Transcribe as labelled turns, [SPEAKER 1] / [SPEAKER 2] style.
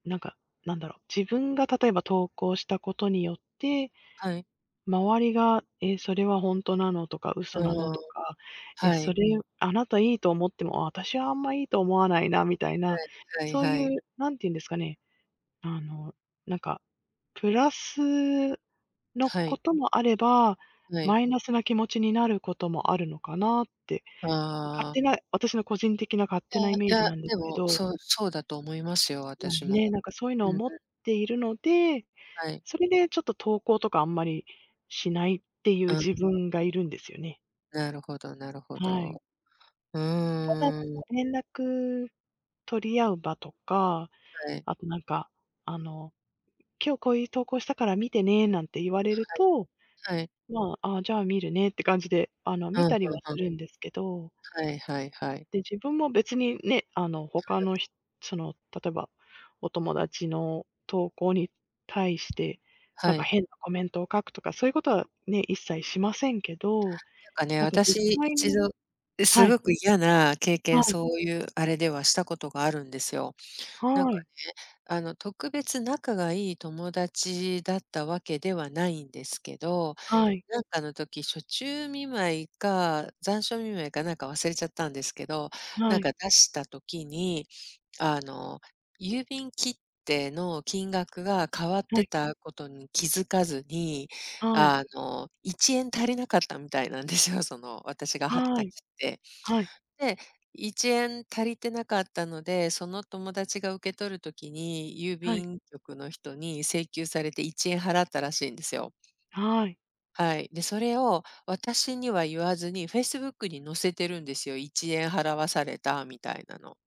[SPEAKER 1] なんかなんだろう、自分が例えば投稿したことによって。
[SPEAKER 2] はい。
[SPEAKER 1] 周りが、え、それは本当なの？とか
[SPEAKER 2] う
[SPEAKER 1] 嘘
[SPEAKER 2] ー
[SPEAKER 1] なの？
[SPEAKER 2] ん、
[SPEAKER 1] とか、ええ、
[SPEAKER 2] は
[SPEAKER 1] そ
[SPEAKER 2] い。
[SPEAKER 1] れあなた良いと思っても、私はあんま良いと思わないなみたいな。
[SPEAKER 2] はい、はい
[SPEAKER 1] そう
[SPEAKER 2] はい。
[SPEAKER 1] いう、何て言うんですかね。あの、なんか、プラスの
[SPEAKER 2] は
[SPEAKER 1] こ
[SPEAKER 2] い。
[SPEAKER 1] ともあれば、
[SPEAKER 2] はい。
[SPEAKER 1] マイナスな気持ちになることもあるのかなって。勝
[SPEAKER 2] あ
[SPEAKER 1] 手
[SPEAKER 2] あ。
[SPEAKER 1] な、私の個人的な勝手なイ
[SPEAKER 2] い
[SPEAKER 1] メー
[SPEAKER 2] やいや、
[SPEAKER 1] ジなんです
[SPEAKER 2] で
[SPEAKER 1] け
[SPEAKER 2] も、
[SPEAKER 1] ど
[SPEAKER 2] そうそうだと思いますよ、
[SPEAKER 1] まあ
[SPEAKER 2] 私も。
[SPEAKER 1] ね、なんかそういうの
[SPEAKER 2] う
[SPEAKER 1] を、
[SPEAKER 2] んうん。
[SPEAKER 1] 思っているので、
[SPEAKER 2] はい。
[SPEAKER 1] それでちょっと投稿とかあんまりしないっていう
[SPEAKER 2] うん。
[SPEAKER 1] 自分がいるんですよね。
[SPEAKER 2] なるほどなるほ
[SPEAKER 1] はい。
[SPEAKER 2] ど。う
[SPEAKER 1] ただ、
[SPEAKER 2] ーん。
[SPEAKER 1] 連絡取り合う場とか、
[SPEAKER 2] はい。
[SPEAKER 1] あと何か、あの、今日こういう投稿したから見てね、なんて言われると、
[SPEAKER 2] はいはい。
[SPEAKER 1] まあ、あ、じゃあ観るねって感じであの、
[SPEAKER 2] う
[SPEAKER 1] 見
[SPEAKER 2] ん、
[SPEAKER 1] たり
[SPEAKER 2] ふ
[SPEAKER 1] は
[SPEAKER 2] んふ
[SPEAKER 1] す
[SPEAKER 2] ん。
[SPEAKER 1] るんですけど。
[SPEAKER 2] はいはいはい。
[SPEAKER 1] で、自分も別にね。あの、他の
[SPEAKER 2] [unintelligible]
[SPEAKER 1] ひその例えば、お友達の投稿に対して、何
[SPEAKER 2] は
[SPEAKER 1] か
[SPEAKER 2] い。
[SPEAKER 1] 変なコメントを書くとか、そういうことはね、一切しませんけど。
[SPEAKER 2] なんかね、
[SPEAKER 1] 何か実
[SPEAKER 2] 私い
[SPEAKER 1] 際
[SPEAKER 2] ち
[SPEAKER 1] に
[SPEAKER 2] ど、す
[SPEAKER 1] はい。
[SPEAKER 2] ごく嫌な経
[SPEAKER 1] は
[SPEAKER 2] 験、
[SPEAKER 1] い。
[SPEAKER 2] そういうあれではしたことがあるんですよ。なん
[SPEAKER 1] は
[SPEAKER 2] かね、
[SPEAKER 1] い。
[SPEAKER 2] あの特別仲がいい友達だったわけではないんですけど。
[SPEAKER 1] はい。
[SPEAKER 2] なんかの時、暑中見舞いか、残暑見舞いかなんかか忘れちゃったんですけど。
[SPEAKER 1] は
[SPEAKER 2] なん
[SPEAKER 1] い。
[SPEAKER 2] か出した時に、あの、郵便切手の金額が変わっ
[SPEAKER 1] は
[SPEAKER 2] て
[SPEAKER 1] い。
[SPEAKER 2] たことに気づかずに、
[SPEAKER 1] はい。
[SPEAKER 2] あの、1円足りなかったみたいなんですよ、その、私が貼っ
[SPEAKER 1] は
[SPEAKER 2] た
[SPEAKER 1] い
[SPEAKER 2] 切手。
[SPEAKER 1] はい。
[SPEAKER 2] で、1円足りてなかったので、その友達が受け取る時に、郵
[SPEAKER 1] はい。
[SPEAKER 2] 便局の人に請求されて、1円払ったらしいんですよ。
[SPEAKER 1] はい。
[SPEAKER 2] はい、で、それを私には言わずに、Facebook に載せてるんですよ。1円払わされたみたいなの。